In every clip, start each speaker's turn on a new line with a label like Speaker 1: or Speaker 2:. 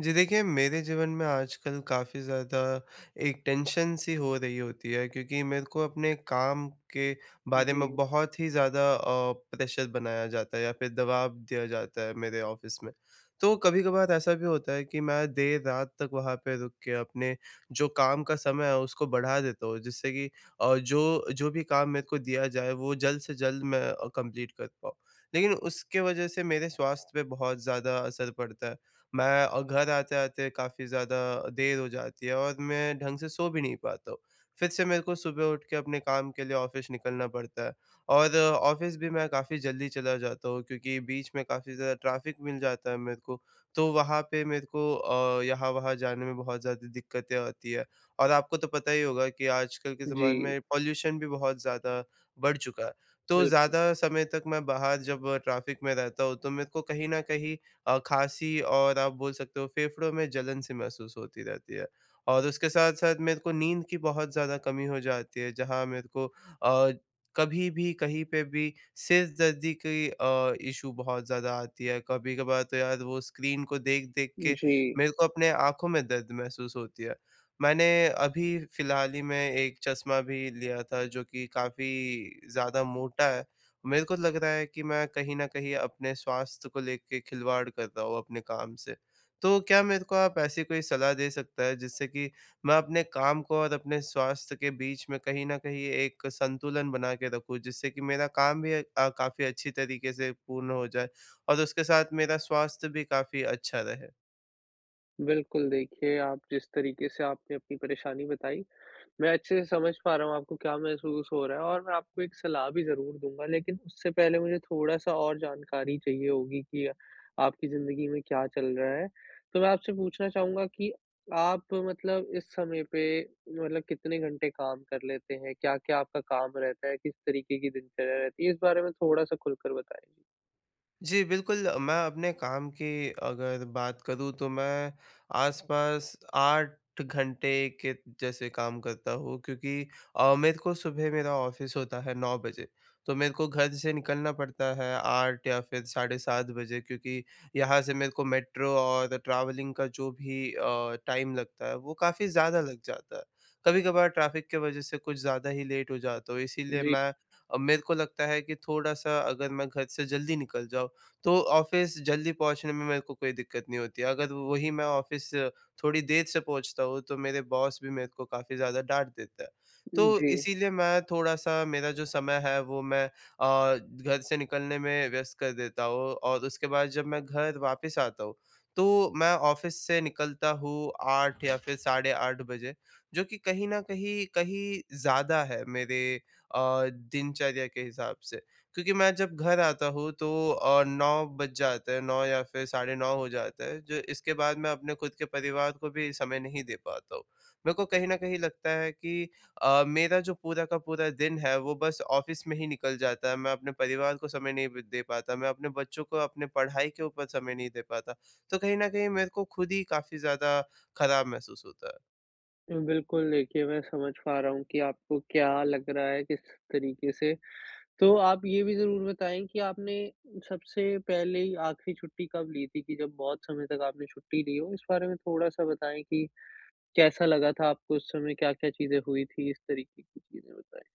Speaker 1: जी, देखिए मेरे जीवन में आजकल काफ़ी ज़्यादा एक टेंशन सी हो रही होती है, क्योंकि मेरे को अपने काम के बारे में
Speaker 2: जी।
Speaker 1: बहुत ही ज़्यादा अ, प्रेशर बनाया जाता है या फिर दबाव दिया जाता है मेरे ऑफ़िस में। तो कभी-कभार ऐसा भी होता है कि मैं देर रात तक वहाँ पे रुक के अपने जो काम का समय है, उसको बढ़ा देता हूँ जिससे कि अ, जो जो भी काम मेरे को दिया जाए वो जल्द से जल्द मैं अ, कंप्लीट कर पाऊँ। लेकिन उसके वजह से मेरे स्वास्थ्य पे बहुत ज़्यादा असर पड़ता है। मैं और घर आते-आते काफ़ी ज़्यादा देर हो जाती है और मैं ढंग से सो भी नहीं पाता हूँ। फिर से मेरे को सुबह उठ के अपने काम के लिए ऑफ़िस निकलना पड़ता है और ऑफ़िस भी मैं काफ़ी जल्दी चला जाता हूँ, क्योंकि बीच में काफ़ी ज़्यादा ट्रैफिक मिल जाता है मेरे को। तो वहाँ पे मेरे को अ, यहाँ वहाँ जाने में बहुत ज़्यादा दिक्कतें आती हैं, और आपको तो पता ही होगा कि आजकल के ज़माने
Speaker 2: जी।
Speaker 1: में पॉल्यूशन भी बहुत ज़्यादा बढ़ चुका है। तो
Speaker 2: बिल्कु
Speaker 1: ज़्यादा समय तक मैं बाहर जब ट्रैफिक में रहता हूँ तो मेरे को कहीं न कहीं अ, खाँसी और आप बोल सकते हो फेफड़ों में जलन-सी महसूस होती रहती है और उसके साथ-साथ मेरे को नींद की बहुत ज़्यादा कमी हो जाती है, जहाँ मेरे को अ, कभी भी कहीं पे भी सिर दर्द के अ, इशू बहुत ज़्यादा आती है, कभी-कभार तो यार वो स्क्रीन को देख-देख
Speaker 2: उ,
Speaker 1: के
Speaker 2: जी।
Speaker 1: मेरे को अपने आँखों में दर्द महसूस होती है। मैंने अभी फिलहाल ही में एक चश्मा भी लिया था जो कि काफ़ी ज़्यादा मोटा है, मेरे को लग रहा है कि मैं कहीं न कहीं अपने स्वास्थ्य को लेके खिलवाड़ कर रहा हूँ, अपने काम से तो क्या मेरे को आप ऐसी कोई सलाह दे सकता है, जिससे कि मैं अपने काम को और अपने स्वास्थ्य के बीच में कहीं न कहीं एक संतुलन बना के रखूँ, जिससे कि मेरा काम भी अ, काफ़ी अच्छी तरीक़े से पूर्ण हो जाए और उसके साथ मेरा स्वास्थ्य भी काफ़ी अच्छा रहे।
Speaker 2: बिल्कुल देखिए, आप जिस तरीके से आपने अपनी परेशानी बताई। मैं अच्छे से समझ पा रहा हूँ आपको क्या महसूस हो रहा है और मैं आपको एक सलाह भी ज़रूर दूँगा, लेकिन उससे पहले मुझे थोड़ा-सा और जानकारी चाहिए होगी कि आपकी ज़िंदगी में क्या चल रहा है? तो मैं आपसे पूछना चाहूँगा कि आप मतलब इस समय पे मतलब कितने घंटे काम कर लेते हैं? क्या-क्या आपका काम रहता है? किस तरीके की दिनचर्या रहती है? इस बारे में थोड़ा-सा खुलकर बताएँ।
Speaker 1: जी, बिल्कुल। मैं अपने काम की अगर बात करूँ तो मैं आसपास 8 घंटे के जैसे काम करता हूँ। क्योंकि अ, मेरे को सुबह मेरा ऑफिस होता है 9:00 बजे तो मेरे को घर से निकलना पडता है 8:00 या फिर 7:30 बजे क्योंकि यहाँ से मेरे को मेट्रो और ट्रैवलिंग का जो भी अ, टाइम लगता है वो काफ़ी ज़्यादा लग जाता है। कभी-कभार ट्रैफिक की वजह से कुछ ज़्यादा ही लेट हो जाता हूँ। इसीलिए
Speaker 2: जी।
Speaker 1: मैं अ, मेरे को लगता है कि थोड़ा-सा अगर मैं घर से जल्दी निकल जाऊँ तो ऑफिस जल्दी पहुँचने में मेरे को कोई दिक्कत नहीं होती है। अगर वही मैं ऑफिस थोड़ी देर से पहुँचता हूँ तो मेरे बॉस भी मेरे को काफ़ी ज़्यादा डाँट देते हैं।
Speaker 2: उ,
Speaker 1: तो
Speaker 2: जी।
Speaker 1: इसीलिए मैं थोड़ा-सा मेरा जो समय है वो मैं अ, घर से निकलने में व्यस्त कर देता हूँ और उसके बाद जब मैं घर वापस आता हूँ, तो मैं ऑफिस से निकलता हूँ 8:00 या फिर 8:30 बजे जो कि कहीं न कहीं कहीं ज़्यादा है मेरे अ, दिनचर्या के हिसाब से। क्योंकि मैं जब घर आता हूँ तो अ, 9:00 बज जाते है 9:00 या फिर 9:30 हो जाता है जो इसके बाद मैं अपने ख़ुद के परिवार को भी समय नहीं दे पाता हूँ। मेरे को कहीं न कहीं लगता है कि अ, मेरा जो पूरा का पूरा दिन है वो बस ऑफिस में ही निकल जाता है। मैं अपने परिवार को समय नहीं ब दे पाता मैं अपने बच्चों को अपने पढ़ाई के ऊपर समय नहीं दे पाता। तो कहीं न कहीं मेरे को ख़ुद ही काफ़ी ज़्यादा ख़राब महसूस होता है।
Speaker 2: बिल्कुल, देखिए मैं समझ पा रहा हूँ कि आपको क्या लग रहा है किस तरीके से। तो आप ये भी ज़रूर बताएँ कि आपने उ सबसे पहले ही आख़िरी छुट्टी कब ली थी, कि जब बहुत समय तक आपने छुट्टी ली हो? इस बारे में थोड़ा-सा बताएँ कि कैसा लगा था आपको उस समय, क्या-क्या चीज़ें हुई थी? इस तरीके की चीज़ें बताएँ?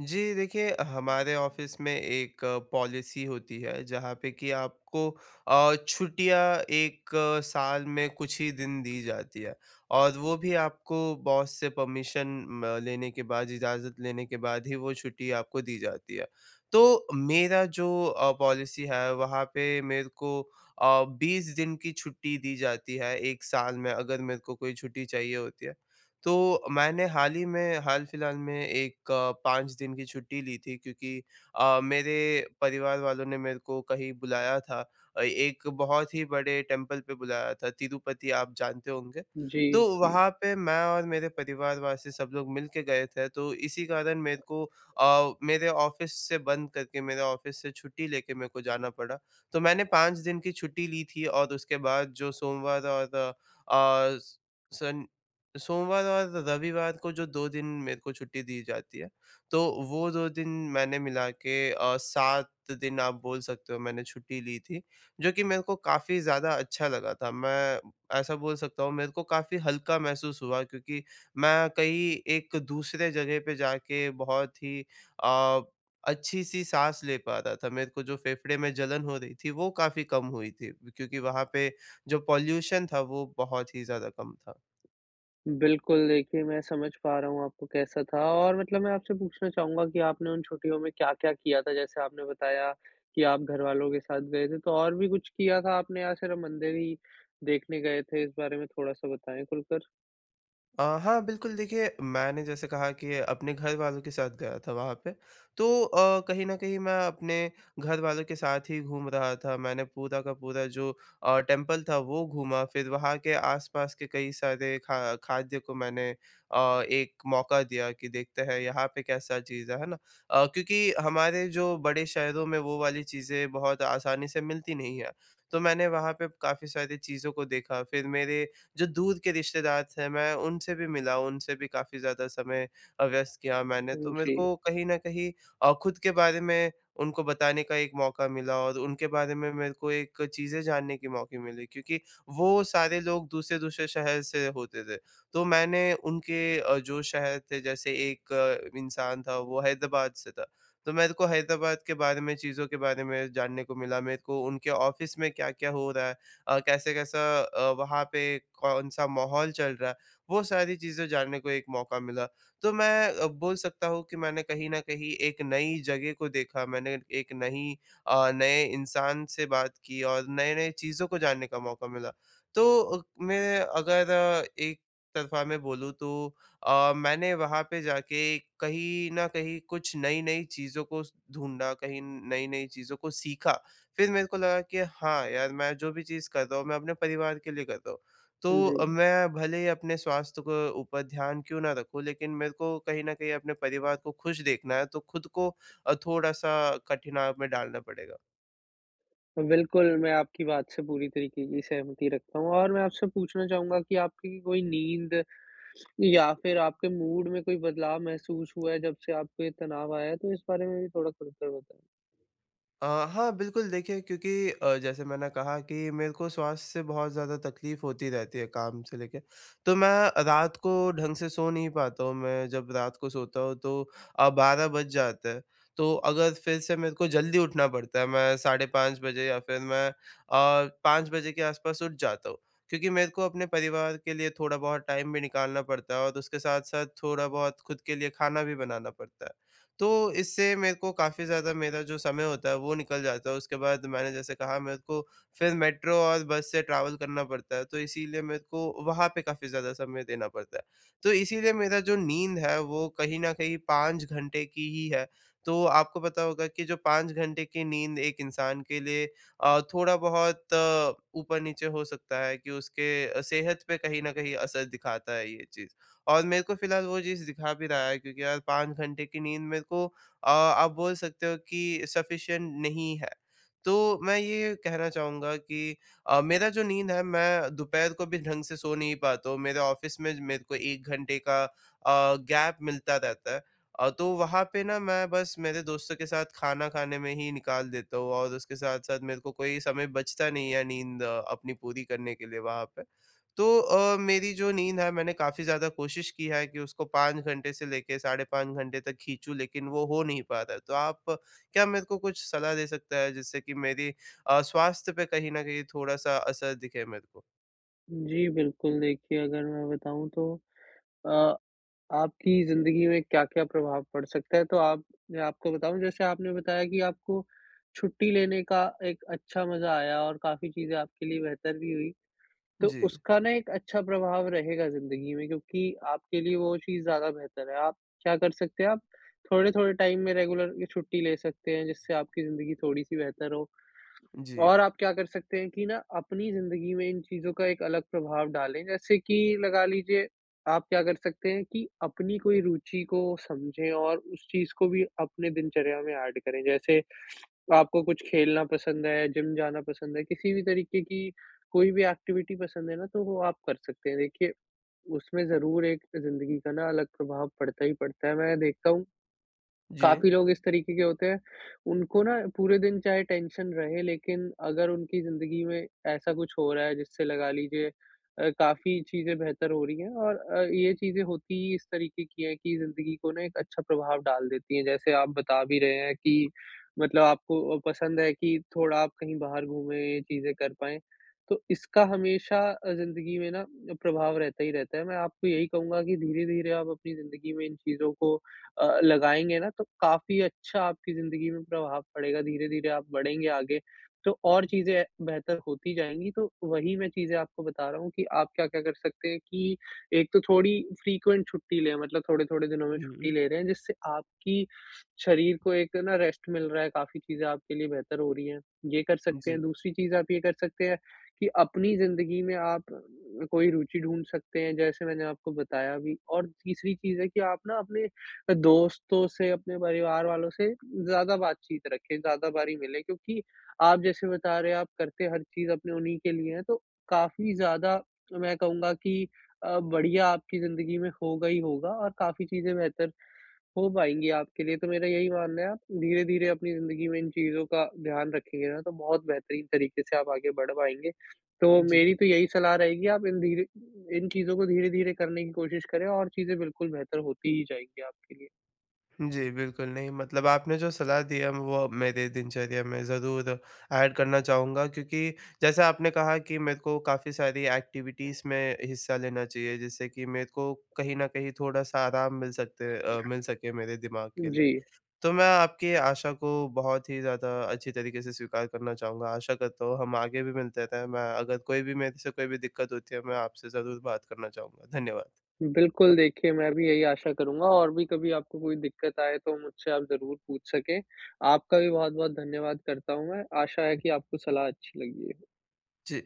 Speaker 1: जी, देखिए अ, हमारे ऑफ़िस में एक पॉलिसी होती है जहाँ पे कि आपको अ, छुट्टियाँ 1 साल में कुछ ही दिन दी जाती है और वो भी आपको बॉस से परमिशन म लेने के बाद, इजाज़त लेने के बाद ही वो छुट्टी आपको दी जाती है। तो, मेरा जो अ, पॉलिसी है वहाँ पे मेरे को अ, 20 दिन की छुट्टी दी जाती है 1 साल में अगर मेरे को कोई छुट्टी चाहिए होती है। तो, मैंने हाल ही में हाल-फिलहाल में एक 5 दिन की छुट्टी ली थी क्योंकि अ, मेरे परिवार वालों ने मेरे को कहीं बुलाया था अ, एक बहुत ही बड़े टेम्पल पे बुलाया था, तिरुपति आप जानते होंगे।
Speaker 2: जी,
Speaker 1: तो
Speaker 2: जी।
Speaker 1: वहाँ पे मैं और मेरे परिवार वासी सब लोग मिलके गए थे, तो इसी कारण मेरे को अ, मेरे ऑफ़िस से बंद करके, मेरे ऑफ़िस से छुट्टी लेके मेरे को जाना पड़ा। तो मैंने 5 दिन की छुट्टी ली थी और उसके बाद जो सोमवार और अ, स सन सोमवार और रविवार को जो 2 दिन मेरे को छुट्टी दी जाती है, तो वो 2 दिन मैंने मिला के अ, 7 दिन आप बोल सकते हो मैंने छुट्टी ली थी। जो कि मेरे को काफ़ी ज़्यादा अच्छा लगा था, मैं ऐसा बोल सकता हूँ मेरे को काफ़ी हल्का महसूस हुआ क्योंकि मैं कहीं एक दूसरे जगह पे जाके बहुत ही अ, अच्छी-सी साँस ले पा रहा था, मेरे को जो फेफड़े में जलन हो रही थी वो काफ़ी कम हुई थी, क्योंकि वहाँ पे जो पॉल्यूशन था वो बहुत ही ज़्यादा कम था।
Speaker 2: बिल्कुल, देखिए मैं समझ पा रहा हूँ आपको कैसा था और मतलब मैं आपसे पूछना चाहूँगा कि आपने उन छुट्टियों में क्या-क्या किया था, जैसे आपने बताया कि आप घरवालों के साथ गए थे। तो और भी कुछ किया था आपने या सिर्फ मंदिर ही देखने गए थे? इस बारे में थोड़ा-सा बताएँ खुलकर।
Speaker 1: अ, हाँ बिल्कुल देखिए, मैंने जैसे कहा कि अपने घर वालों के साथ गया था वहाँ पे। तो अ, कहीं न कहीं मैं अपने घर वालों के साथ ही घूम रहा था मैंने पूरा का पूरा जो अ, टेम्पल था वो घूमा फिर वहाँ के आस-पास के कई सारे खा खाद्य को मैंने अ, एक मौका दिया कि देखते हैं यहाँ पे कैसा चीज़ है, है ना? अ, क्योंकि हमारे जो बड़े शहरों में वो वाली चीज़ें बहुत आसानी से मिलती नहीं है। तो मैंने वहाँ पे काफ़ी सारी चीज़ों को देखा। फिर मेरे जो दूर के रिश्तेदार थे मैं उनसे भी मिला उनसे भी काफ़ी ज़्यादा समय अ, व्यस्त किया मैंने। तो
Speaker 2: उम,
Speaker 1: मेरे
Speaker 2: जी।
Speaker 1: को कहीं न कहीं अ, ख़ुद के बारे में उनको बताने का एक मौका मिला, और उनके बारे में मेरे को एक चीज़ें जानने के मौके मिले। क्योंकि वो सारे लोग दूसरे-दूसरे शहर से होते थे। तो मैंने उनके अ, जो शहर थे जैसे एक इंसान था वो हैदराबाद से था, तो मेरे को हैदराबाद के बारे में चीज़ों के बारे में जानने को मिला मेरे को उनके ऑफ़िस में क्या-क्या हो रहा है अ, कैसे कैसा वहाँ पे कौन-सा माहौल चल रहा है? वो सारी चीज़ें जानने को एक मौका मिला। तो मैं अब बोल सकता हूँ कि मैंने कहीं न कहीं एक नई जगह को देखा, मैंने एक नई अ, नए इंसान से बात की और नए-नए चीज़ों को जानने का मौका मिला। तो मैं अगर एक तरफा में बोलूँ तो अ, मैंने वहाँ पे जा के कहीं न कहीं कुछ नई-नई चीज़ों को ढूँढ़ा कहीं नई-नई चीज़ों को सीखा। फिर मेरे को लगा कि हाँ, यार मैं जो भी चीज़ कर रहा हूँ मैं अपने परिवार के लिए कर रहा हूँ।
Speaker 2: हुँ
Speaker 1: तो,
Speaker 2: जी।
Speaker 1: मैं भले ही अपने स्वास्थ्य के ऊपर ध्यान क्यों ना रखूँ, लेकिन मेरे को कहीं न कहीं अपने परिवार को खुश देखना है तो ख़ुद को अ, थोड़ा-सा कठिनाई में डालना पड़ेगा।
Speaker 2: बिल्कुल, मैं आपकी बात से पूरी तरीके की सहमति रखता हूँ और मैं आपसे पूछना चाहूँगा की आपकी कोई नींद या फिर आपके मूड में कोई बदलाव महसूस हुआ है, जब से आपको ये तनाव आया है? तो इस बारे में भी थोड़ा खुलकर बताए।
Speaker 1: अ, हाँ, बिल्कुल देखिए क्योंकि अ, जैसे मैंने कहा कि मेरे को स्वास्थ्य से बहुत ज़्यादा तकलीफ़ होती रहती है काम से लेके, तो मैं रात को ढंग से सो नहीं पाता हूँ। मैं जब रात को सोता हूँ तो अ, 12 बज जाता है, तो अगर फिर से मेरे को जल्दी उठना पड़ता है, मैं साढ़े 5 बजे या फिर मैं अ, 5 बजे के आस-पास उठ जाता हूँ, क्योंकि मेरे को अपने परिवार के लिए थोड़ा-बहुत टाइम भी निकालना पड़ता है और उसके साथ-साथ थोड़ा बहुत ख़ुद के लिए खाना भी बनाना पड़ता है। तो इससे मेरे को काफ़ी ज़्यादा मेरा जो समय होता है, वो निकल जाता है, उसके बाद मैंने जैसे कहा मेरे को फिर मेट्रो और बस से ट्रैवल करना पड़ता है, तो इसीलिए मेरे को वहाँ पे काफ़ी ज़्यादा समय देना पड़ता है। तो इसीलिए मेरा जो नींद है, वो कहीं न कहीं 5 घंटे की ही है, तो आपको पता होगा कि जो 5 घंटे की नींद एक इंसान के लिए अ, थोड़ा-बहुत ऊपर-नीचे हो सकता है कि उसके सेहत पे कहीं न कहीं
Speaker 2: [unintelligible]
Speaker 1: असर दिखाता है ये चीज़ और मेरे को फिलहाल वो चीज़ दिखा भी रहा है, क्योंकि यार 5 घंटे की नींद मेरे को अ, आप बोल सकते हो कि सफ़िशिएंट नहीं है। तो मैं ये कहना चाहूँगा कि अ, मेरा जो नींद है, मैं दोपहर को भी ढंग से सो नहीं पाता हूँ, मेरे ऑफिस में मेरे को 1 घंटे का अ, गैप मिलता रहता है। अ, तो वहाँ पे ना मैं बस मेरे दोस्तों के साथ खाना खाने में ही निकाल देता हूँ और उसके साथ-साथ मेरे को कोई समय बचता नहीं है, नींद अपनी पूरी करने के लिए वहाँ पे तो अ, मेरी जो नींद है, मैंने काफ़ी ज़्यादा कोशिश की है कि उसको 5 घंटे से लेके, साढ़े 5 घंटे तक खींचूँ लेकिन वो हो नहीं पा रहा है। तो आप क्या मेरे को कुछ सलाह दे सकता है जिससे कि मेरी अ, स्वास्थ्य पे कहीं न कहीं थोड़ा-सा असर दिखे मेरे को?
Speaker 2: जी बिल्कुल, देखिए, अगर मैं बताऊँ तो अ, आपकी ज़िंदगी में क्या-क्या प्रभाव पड़ सकता है, तो आप मैं आपको बताऊँ जैसे आपने बताया कि आपको छुट्टी लेने का एक अच्छा मज़ा आया और काफ़ी चीज़े आपके लिए बेहतर भी हुई। तो
Speaker 1: जी।
Speaker 2: उसका ना एक अच्छा प्रभाव रहेगा ज़िंदगी में क्योंकि आपके लिए वो चीज़ ज़्यादा बेहतर है, आप क्या कर सकते हैं, आप थोड़े-थोड़े टाइम में रेगुलर ये छुट्टी ले सकते हैं जिससे आपकी ज़िंदगी थोड़ी-सी बेहतर हो।
Speaker 1: जी।
Speaker 2: और आप क्या कर सकते हैं कि ना अपनी ज़िंदगी में इन चीज़ों का एक अलग प्रभाव डालें जैसे कि लगा लीजिये आप क्या कर सकते हैं, कि अपनी कोई रूचि को समझें और उस चीज़ को भी अपने दिनचर्या में एड करें। जैसे, आपको कुछ खेलना पसंद है, जिम जाना पसंद है किसी भी तरीके की कोई भी एक्टिविटी पसंद है ना, तो वो आप कर सकते हैं देखिए। उसमें ज़रूर एक ज़िंदगी का ना अलग प्रभाव पड़ता ही पड़ता है, मैं देखता हूँ,
Speaker 1: जी।
Speaker 2: काफ़ी लोग इस तरीके के होते हैं, उनको ना पूरे दिन चाहे टेंशन रहे लेकिन अगर उनकी ज़िंदगी में ऐसा कुछ हो रहा है जिससे लगा लीजिए अ, काफ़ी चीज़े बेहतर हो रही है और अ, ये चीज़े होती ही इस तरीके की है कि ज़िंदगी को ना एक अच्छा प्रभाव डाल देती हैं। जैसे आप बता भी रहे हैं कि मतलब आपको अ, पसंद है कि थोड़ा आप कहीं बाहर घूमे, ये चीज़े कर पाएँ, तो इसका हमेशा अ, ज़िंदगी में ना प्रभाव रहता ही रहता है। मैं आपको यही कहूँगा कि धीरे-धीरे आप अपनी ज़िंदगी में इन चीज़ों को अ, लगाएँगे ना तो काफ़ी अच्छा आपकी ज़िंदगी में प्रभाव पड़ेगा धीरे-धीरे आप बढ़ेंगे आगे, तो और चीज़ें बेहतर होती जाएँगी, तो वही मैं चीज़े आपको बता रहा हूँ कि आप क्या-क्या कर सकते हैं कि, एक तो थोड़ी फ्रीक्वेंट छुट्टी लें मतलब थोड़े-थोड़े दिनों में
Speaker 1: हुँ।
Speaker 2: छुट्टी ले रहे हैं, जिससे आपकी शरीर को एक ना रेस्ट मिल रहा है, काफ़ी चीज़े आपके लिए बेहतर हो रही हैं। ये कर सकते
Speaker 1: जी।
Speaker 2: हैं, दूसरी चीज़ आप ये कर सकते हैं कि अपनी ज़िंदगी में आप अ, कोई रूचि ढूँढ़ सकते हैं, जैसे मैंने आपको बताया भी और तीसरी चीज़ है कि आप ना अपने अ, दोस्तों से, अपने परिवार वालों से ज़्यादा बातचीत रखें, ज़्यादा बारी मिले क्योंकि आप जैसे बता रहे हैं आप करते हर चीज़ अपने उन्हीं के लिए हैं, तो काफ़ी ज़्यादा मैं कहूँगा कि अ, बढ़िया आपकी ज़िंदगी में होगा ही होगा और काफ़ी चीज़े बेहतर हो पाएँगी आपके लिए। तो मेरा यही मानना है आप धीरे-धीरे अपनी ज़िंदगी में इन चीज़ों का ध्यान रखेंगे ना, तो बहुत बेहतरीन तरीके से आप आगे बढ़ पाएँगे, तो
Speaker 1: जी।
Speaker 2: मेरी तो यही सलाह रहेगी आप इन धीरे इन चीज़ों को धीरे-धीरे करने की कोशिश करें और चीज़े बिल्कुल बेहतर होती ही जाएगी आपके लिए।
Speaker 1: जी, बिल्कुल नहीं मतलब आपने जो सलाह दी है, वो अब मेरे दिनचर्या में ज़रूर एड करना चाहूँगा क्योंकि जैसे आपने कहा कि मेरे को काफ़ी सारी एक्टिविटीज़ में हिस्सा लेना चाहिए, जिससे कि मेरे को कहीं न कहीं थोड़ा-सा आराम मिल सकते अ, मिल सके मेरे दिमाग के लिए।
Speaker 2: जी।
Speaker 1: तो मैं आपके आशा को बहुत ही ज़्यादा अच्छी तरीके से स्वीकार करना चाहूँगा, आशा करता हूँ हम आगे भी मिलते रहें, मैं अगर कोई भी मेरे से कोई भी दिक्कत होती है मैं आपसे ज़रूर बात करना चाहूँगा, धन्यवाद।
Speaker 2: बिल्कुल, देखिए मैं भी यही आशा करूँगा और भी कभी आपको कोई दिक्कत आएँ तो मुझसे आप ज़रूर पूछ सकें। आपका भी बहुत-बहुत धन्यवाद करता हूँ मैं, आशा है कि आपको सलाह अच्छी लगी है।
Speaker 1: जी।